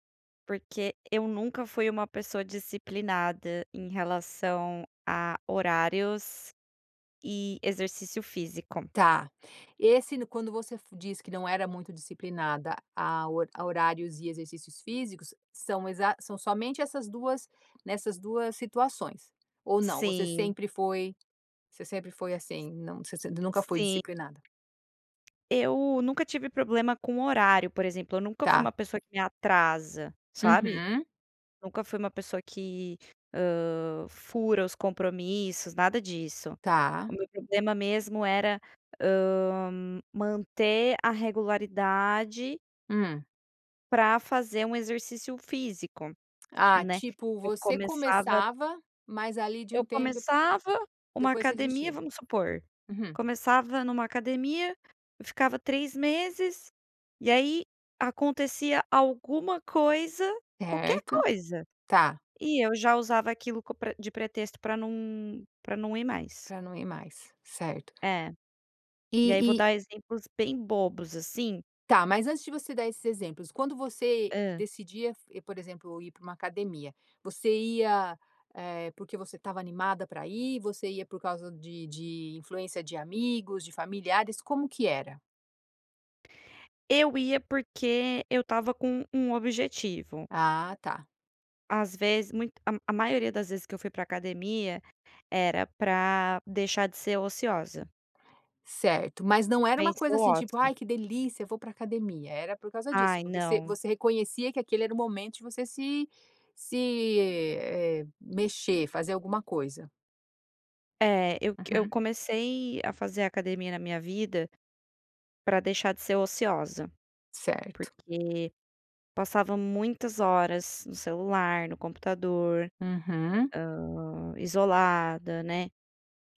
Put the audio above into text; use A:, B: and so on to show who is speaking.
A: Porque eu nunca fui uma pessoa disciplinada em relação a horários e exercício físico.
B: Tá. Esse no quando você diz que não era muito disciplinada a hor a horários e exercícios físicos, são exa são somente essas 2, nessas 2 situações? Ou não, você
A: Sim.
B: sempre foi você sempre foi assim, não você nunca foi
A: Sim.
B: disciplinada?
A: Eu nunca tive problema com horário, por exemplo, eu nunca fui uma
B: Tá.
A: pessoa que me atrasa, sabe.
B: Uhum.
A: Nunca fui uma pessoa que, hã, fura os compromissos, nada disso.
B: Tá.
A: O meu problema mesmo era, hã, manter a regularidade
B: Hum.
A: para fazer um exercício físico,
B: Ah,
A: né,
B: tipo,
A: eu
B: você
A: começava
B: começava, mas ali, de
A: eu
B: um tempo de
A: começava uma
B: depois você
A: academia
B: desistia.
A: vamos supor,
B: Uhum.
A: começava numa academia, eu ficava 3 meses, e aí acontecia alguma coisa, qualquer
B: Certo,
A: coisa
B: tá.
A: e eu já usava aquilo co de pretexto pra não pra não ir mais.
B: Para não ir mais, certo.
A: É. E aí vou
B: E e
A: dar exemplos bem bobos assim
B: Tá mas antes de você dar esses exemplos, quando você
A: Hã.
B: decidia f por exemplo, ir para uma academia, você ia, eh, porque você estava animada pra ir? Você ia por causa de de influência de amigos, de familiares? Como que era?
A: Eu ia porque eu estava com um objetivo.
B: Ah, tá.
A: Às vezes muito a a maioria das vezes que eu fui para academia era para deixar de ser ociosa.
B: Certo, mas não era uma
A: Vencer
B: coisa
A: o
B: assim, tipo:
A: ócio.
B: "Ai que delícia eu vou para academia". Era por causa disso,
A: Ai,
B: porque você
A: não.
B: você reconhecia que aquele era o momento de você se se, eh, mexer, fazer alguma coisa.
A: É eu c eu
B: Uhum.
A: comecei a fazer academia na minha vida para deixar de ser ociosa,
B: Certo.
A: porque passava muitas horas no celular, no computador,
B: Uhum.
A: hã, isolada, né.